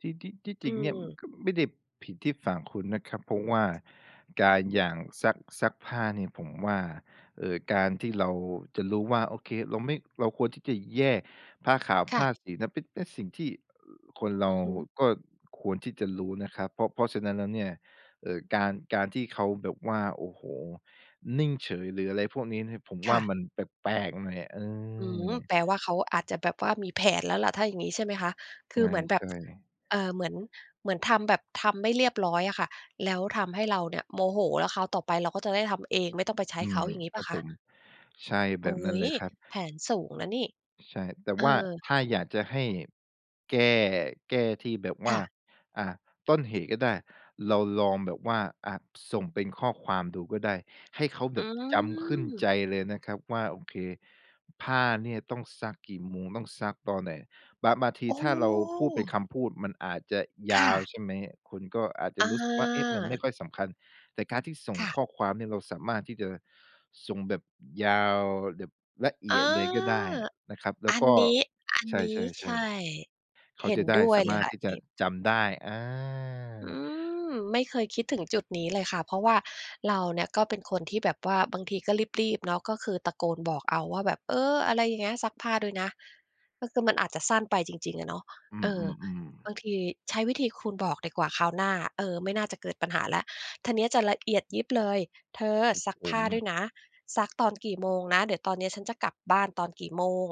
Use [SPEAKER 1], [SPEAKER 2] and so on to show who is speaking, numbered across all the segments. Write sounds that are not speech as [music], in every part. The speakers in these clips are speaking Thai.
[SPEAKER 1] ที่ ที่ ที่จ
[SPEAKER 2] อ
[SPEAKER 1] ร
[SPEAKER 2] ื
[SPEAKER 1] ิงเนี่ย
[SPEAKER 2] ม
[SPEAKER 1] ก็ไม่ได้ผิดที่ฝั่งคุณนะครับ เพราะว่าการ อย่างซัก ซักผ้าเนี่ยผมว่า เอ่อ การที่เราจะรู้ว่า โอเค เราไม่ เราควรที่จะแยกผ้าขาว
[SPEAKER 2] ค
[SPEAKER 1] ผ
[SPEAKER 2] ่ะ
[SPEAKER 1] ้าสีนะ เป็น เป็นสิ่งที่ อ คนเร
[SPEAKER 2] อ
[SPEAKER 1] า
[SPEAKER 2] ือฮึ
[SPEAKER 1] ก็ควรที่จะรู้นะครับ เพราะ เพราะฉะนั้นแล้วเนี่ย เอ่อ การ การที่เขาแบบว่า โอ้โฮ นิ่งเฉย หรืออะไรพวกนี้เนี่ย ผม
[SPEAKER 2] ค
[SPEAKER 1] ว่
[SPEAKER 2] ่
[SPEAKER 1] า
[SPEAKER 2] ะ
[SPEAKER 1] มันแปลก ๆ หน่อย เอ
[SPEAKER 2] อืม
[SPEAKER 1] อ
[SPEAKER 2] แปลว่าเขาอาจจะแบบว่ามีแผนแล้วแหละ ถ้าอย่างงี้ ใช่ไหมคะ คือเหมือนแบ
[SPEAKER 1] ใช
[SPEAKER 2] บ
[SPEAKER 1] ่ ๆ
[SPEAKER 2] [tsk] เอ่อ เหมือน เหมือนทำ แบบทำไม่เรียบร้อยอะค่ะ แล้วทำให้เราเนี่ยโมโห แล้วคราวต่อไปเราก็จะได้ทำเอง ไม่ต้องไปใช้
[SPEAKER 1] อื
[SPEAKER 2] เข
[SPEAKER 1] ม
[SPEAKER 2] า อย่างงี้เป
[SPEAKER 1] ค
[SPEAKER 2] ล่
[SPEAKER 1] รั
[SPEAKER 2] า
[SPEAKER 1] บ
[SPEAKER 2] ค
[SPEAKER 1] ผ
[SPEAKER 2] ะ?
[SPEAKER 1] ม ใช่ แ
[SPEAKER 2] โ
[SPEAKER 1] บ
[SPEAKER 2] อ๊
[SPEAKER 1] บนั้นเล
[SPEAKER 2] ย!
[SPEAKER 1] ยครับ
[SPEAKER 2] แผนสูงนะนี่
[SPEAKER 1] ใช่ แต่
[SPEAKER 2] เอ
[SPEAKER 1] ว่า
[SPEAKER 2] อ
[SPEAKER 1] ถ้าอยากจะให้แก้ แก้ที่แบบว
[SPEAKER 2] ค
[SPEAKER 1] ่า
[SPEAKER 2] ่ะ
[SPEAKER 1] อ่า ต้นเหตุก็ได้ เราลองแบบว่า อ่า ส่งเป็นข้อความดูก็ได้ ให้เขาแ
[SPEAKER 2] อ
[SPEAKER 1] บ
[SPEAKER 2] ื
[SPEAKER 1] บจำขึ้นใ
[SPEAKER 2] ม
[SPEAKER 1] จเลยนะครับว่า โอเค ผ้าเนี่ยต้องซักกี่โมง ต้องซักตอนไหน บาง บางที
[SPEAKER 2] โอ
[SPEAKER 1] ถ้าเราพูดเป็น
[SPEAKER 2] ้
[SPEAKER 1] คำพูดมันอาจจะย
[SPEAKER 2] ค
[SPEAKER 1] า
[SPEAKER 2] ่
[SPEAKER 1] ว
[SPEAKER 2] ะ
[SPEAKER 1] ใช่ไหม คุณก็อาจจะ
[SPEAKER 2] อา
[SPEAKER 1] รู้สึกว่า เอ๊ะ มันไม่ค่อยสำคัญ แต่การที่ส่ง
[SPEAKER 2] ค่ะ
[SPEAKER 1] ข้อความเนี่ย เราสามารถที่จะส่งแบบยาว แบบละเอ
[SPEAKER 2] อา
[SPEAKER 1] ียดเลยก็ได้นะครับ แล้
[SPEAKER 2] อ
[SPEAKER 1] ว
[SPEAKER 2] ั
[SPEAKER 1] ก
[SPEAKER 2] น
[SPEAKER 1] ็
[SPEAKER 2] นี้ อัน
[SPEAKER 1] ใช
[SPEAKER 2] นี้ ใช
[SPEAKER 1] ่
[SPEAKER 2] ่
[SPEAKER 1] ๆ ๆ เข
[SPEAKER 2] เ
[SPEAKER 1] า
[SPEAKER 2] ห็
[SPEAKER 1] จ
[SPEAKER 2] น
[SPEAKER 1] ะได
[SPEAKER 2] ด
[SPEAKER 1] ้
[SPEAKER 2] ้ว
[SPEAKER 1] ส
[SPEAKER 2] ย
[SPEAKER 1] า
[SPEAKER 2] เล
[SPEAKER 1] ม
[SPEAKER 2] ย
[SPEAKER 1] ารถ
[SPEAKER 2] ค่ะ
[SPEAKER 1] ที
[SPEAKER 2] อ
[SPEAKER 1] ่
[SPEAKER 2] ัน
[SPEAKER 1] จ
[SPEAKER 2] น
[SPEAKER 1] ะ
[SPEAKER 2] ี้
[SPEAKER 1] จำได้ อา
[SPEAKER 2] อือ ไม่เคยคิดถึงจุดนี้เลยค่ะ เพราะว่าเราเนี่ยก็เป็นคนที่แบบว่า บางทีก็รีบ ๆ เนาะ ก็คือตะโกนบอกเอาว่าแบบ เออ อะไรอย่างเงี้ย "ซักผ้าด้วยนะ" ก็คือมันอาจจะสั้นไปจริง ๆ อะเนาะ
[SPEAKER 1] อื
[SPEAKER 2] เอ่อ
[SPEAKER 1] อ ๆ ๆ
[SPEAKER 2] บางที ใช้วิธีคุณบอกดีกว่าคราวหน้า เออ ไม่น่าจะเกิดปัญหาแล้ว ท นี้จะ ละเอียดยิบเลย "เธอ
[SPEAKER 1] ครับ
[SPEAKER 2] ซัก
[SPEAKER 1] ผ
[SPEAKER 2] ผ้
[SPEAKER 1] ม
[SPEAKER 2] าด้วยนะ ซักตอนกี่โมงนะ เดี๋ยวตอนนี้อะฉันจะกลับบ้าน ตอนกี่โมง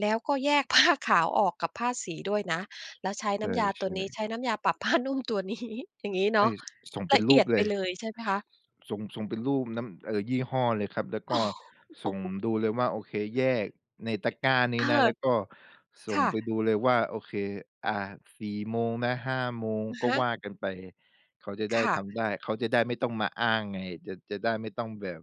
[SPEAKER 2] แล้วก็แยก ผ้า ขาวออกกับผ้าสีด้วยนะ แล้วใช้
[SPEAKER 1] ใ
[SPEAKER 2] น
[SPEAKER 1] ช
[SPEAKER 2] ้
[SPEAKER 1] ่
[SPEAKER 2] ำยาตัวนี้ ใ
[SPEAKER 1] ๆ
[SPEAKER 2] ช้น้ำยาปรับผ้านุ่มตัว นี้" อย่างงี้เ
[SPEAKER 1] ใ
[SPEAKER 2] น
[SPEAKER 1] ช
[SPEAKER 2] า
[SPEAKER 1] ่
[SPEAKER 2] ะ
[SPEAKER 1] ส ส่งเป
[SPEAKER 2] ล
[SPEAKER 1] ็น
[SPEAKER 2] ะเ
[SPEAKER 1] ร
[SPEAKER 2] อ
[SPEAKER 1] ู
[SPEAKER 2] ี
[SPEAKER 1] ป
[SPEAKER 2] ยด
[SPEAKER 1] เล
[SPEAKER 2] ไป
[SPEAKER 1] ย
[SPEAKER 2] เลยใช่ไหมคะ?
[SPEAKER 1] ส่ง ส่งเป็นรูปน้ำ เอ่อ ยี่ห้อเลยครับ แล้วก็ส่ง
[SPEAKER 2] [chuckles]
[SPEAKER 1] ดูเลยว่า โอเค แยกในตะกร้าน
[SPEAKER 2] เ
[SPEAKER 1] ี
[SPEAKER 2] อ
[SPEAKER 1] ้
[SPEAKER 2] อ
[SPEAKER 1] นะ แล้วก็ส
[SPEAKER 2] ค
[SPEAKER 1] ่ง
[SPEAKER 2] ่ะ
[SPEAKER 1] ไปดูเลยว่า โอเค อ่า 4 โมงนะ 5 โมง
[SPEAKER 2] อะ
[SPEAKER 1] ก็
[SPEAKER 2] ฮ
[SPEAKER 1] ว
[SPEAKER 2] ะ
[SPEAKER 1] ่ากันไปเลย เขาจะได
[SPEAKER 2] ค
[SPEAKER 1] ้
[SPEAKER 2] ่ะ
[SPEAKER 1] ทำได้ เขาจะได้ไม่ต้องมาอ้างไง จะ จะได้ไม่ต้องแบบ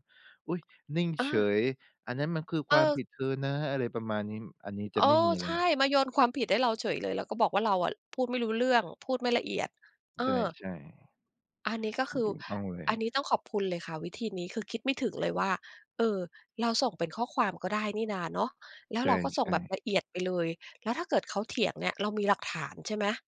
[SPEAKER 1] อุ๊ย! นิ่ง
[SPEAKER 2] เอ
[SPEAKER 1] เฉ
[SPEAKER 2] อ
[SPEAKER 1] ย "อันนั้นมันคือ
[SPEAKER 2] เ
[SPEAKER 1] ความ
[SPEAKER 2] ออ
[SPEAKER 1] ผิดเธอนะ" อะไรประมาณนี้ อันนี้
[SPEAKER 2] เ
[SPEAKER 1] จ
[SPEAKER 2] อ
[SPEAKER 1] ะ
[SPEAKER 2] อ
[SPEAKER 1] ไม่มีอะ
[SPEAKER 2] ใช
[SPEAKER 1] ไร
[SPEAKER 2] ่
[SPEAKER 1] เลย
[SPEAKER 2] มาโยนความผิดให้เราเฉยเลย แล้วก็บอกว่า เราอะพูดไม่รู้เรื่อง พูดไม่ละเอียด เออ
[SPEAKER 1] ใช่
[SPEAKER 2] อันนี้ก
[SPEAKER 1] ๆ
[SPEAKER 2] ็
[SPEAKER 1] ถู
[SPEAKER 2] ค
[SPEAKER 1] ก
[SPEAKER 2] ือ
[SPEAKER 1] ถูกต้องเลย
[SPEAKER 2] อันนี้ต้องขอบคุณเลยค่ะ วิธีนี้คือคิดไม่ถึงเลยว่า เอ่อ เราส่งเป็นข้อความก็ได้นี่นะเนาะ แล้
[SPEAKER 1] ใ
[SPEAKER 2] ว
[SPEAKER 1] ช
[SPEAKER 2] เราก็ส่ง
[SPEAKER 1] ่
[SPEAKER 2] แบบ
[SPEAKER 1] ๆ
[SPEAKER 2] ละเอียดไปเลย แล้วถ้าเกิดเขาเถียงเนี่ย เรามีหลักฐาน ใช่ไหม?